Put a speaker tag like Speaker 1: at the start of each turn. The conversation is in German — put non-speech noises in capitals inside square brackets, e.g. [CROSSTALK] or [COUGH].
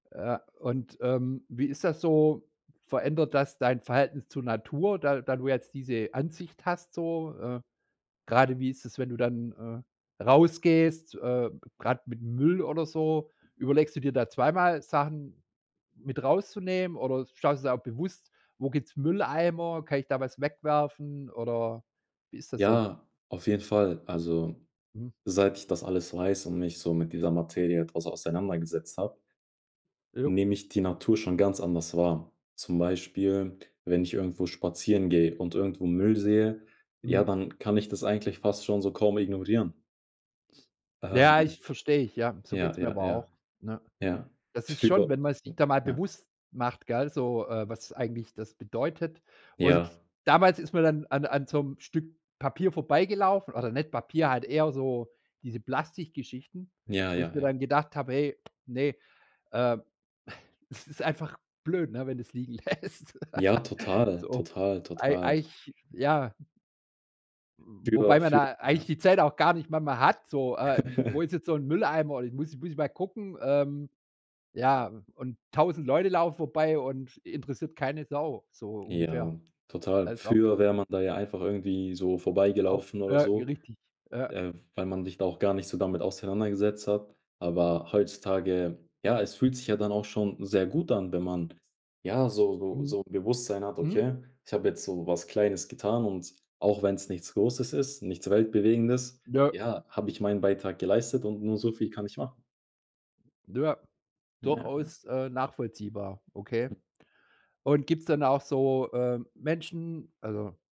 Speaker 1: Ja, und, ähm, wie ist das so? Verändert das dein Verhältnis zur Natur, da da du jetzt diese Ansicht hast so? Äh, gerade wie ist das, wenn du dann, äh, rausgehst, äh, gerade mit Müll oder so? Überlegst du dir da zweimal Sachen mit rauszunehmen oder schaust du jetzt auch bewusst, wo gibt's Mülleimer, kann ich da was wegwerfen oder wie ist das so?
Speaker 2: Ja, auf jeden Fall. Also,
Speaker 1: Mhm.
Speaker 2: seit ich das alles weiß und mich so mit dieser Materie etwas auseinandergesetzt habe
Speaker 1: Ja.
Speaker 2: nehme ich die Natur schon ganz anders wahr. Zum Beispiel, wenn ich irgendwo spazieren gehe und irgendwo Müll sehe, ja,
Speaker 1: Mhm.
Speaker 2: dann kann ich das eigentlich fast schon so kaum ignorieren.
Speaker 1: Ja, ich
Speaker 2: Ähm.
Speaker 1: verstehe ich, ja, so geht
Speaker 2: Ja,
Speaker 1: es mir
Speaker 2: ja,
Speaker 1: aber
Speaker 2: ja.
Speaker 1: auch, ne?
Speaker 2: Ja.
Speaker 1: Das ist schon
Speaker 2: Früher,
Speaker 1: wenn man sich
Speaker 2: hm,
Speaker 1: da mal
Speaker 2: ja.
Speaker 1: bewusst macht, gell, so, äh, was es eigentlich das bedeutet, und
Speaker 2: Ja.
Speaker 1: damals ist man dann an an so 'nem Stück Papier vorbeigelaufen, oder nicht Papier, halt eher so diese Plastikgeschichten,
Speaker 2: Ja,
Speaker 1: wo
Speaker 2: ja,
Speaker 1: ich mir
Speaker 2: ja.
Speaker 1: dann gedacht habe, hey, ne, äh, es ist einfach blöd, ne, wenn du es liegen lässt.
Speaker 2: Ja,
Speaker 1: [GIGGLES]
Speaker 2: total,
Speaker 1: So,
Speaker 2: total,
Speaker 1: ei
Speaker 2: total.
Speaker 1: eigentlich, ja
Speaker 2: Früher
Speaker 1: Wobei man
Speaker 2: früher
Speaker 1: da eigentlich
Speaker 2: ja.
Speaker 1: die Zeit auch gar nicht manchmal hat, so, äh, wo
Speaker 2: [CHUCKLES]
Speaker 1: ist jetzt so 'n Mülleimer? Ich muss muss ich mal gucken, ähm, ja, und 1.000 Leute laufen vorbei und interessiert keine Sau, so ungefähr.
Speaker 2: Ja, total.
Speaker 1: Das ist auch
Speaker 2: Früher
Speaker 1: dumm.
Speaker 2: wäre man da ja einfach irgendwie so
Speaker 1: Auf
Speaker 2: vorbeigelaufen
Speaker 1: äh,
Speaker 2: oder so,
Speaker 1: richtig, ja.
Speaker 2: äh, weil man sich da auch gar nicht so damit auseinandergesetzt hat. Aber heutzutage, ja, es fühlt sich ja dann auch schon sehr gut an, wenn man ja so so
Speaker 1: Mhm.
Speaker 2: so Bewusstsein hat,
Speaker 1: Mhm.
Speaker 2: okay, ich habe jetzt so was Kleines getan und auch wenn's nichts Großes ist, nichts Weltbewegendes,
Speaker 1: Nö.
Speaker 2: ja, habe ich meinen Beitrag geleistet und nur so viel kann ich machen.
Speaker 1: Ja.
Speaker 2: Ja, ja.
Speaker 1: Durchaus, äh, nachvollziehbar, okay.
Speaker 2: Hm.
Speaker 1: Und gibt's dann auch so, äh, Menschen, also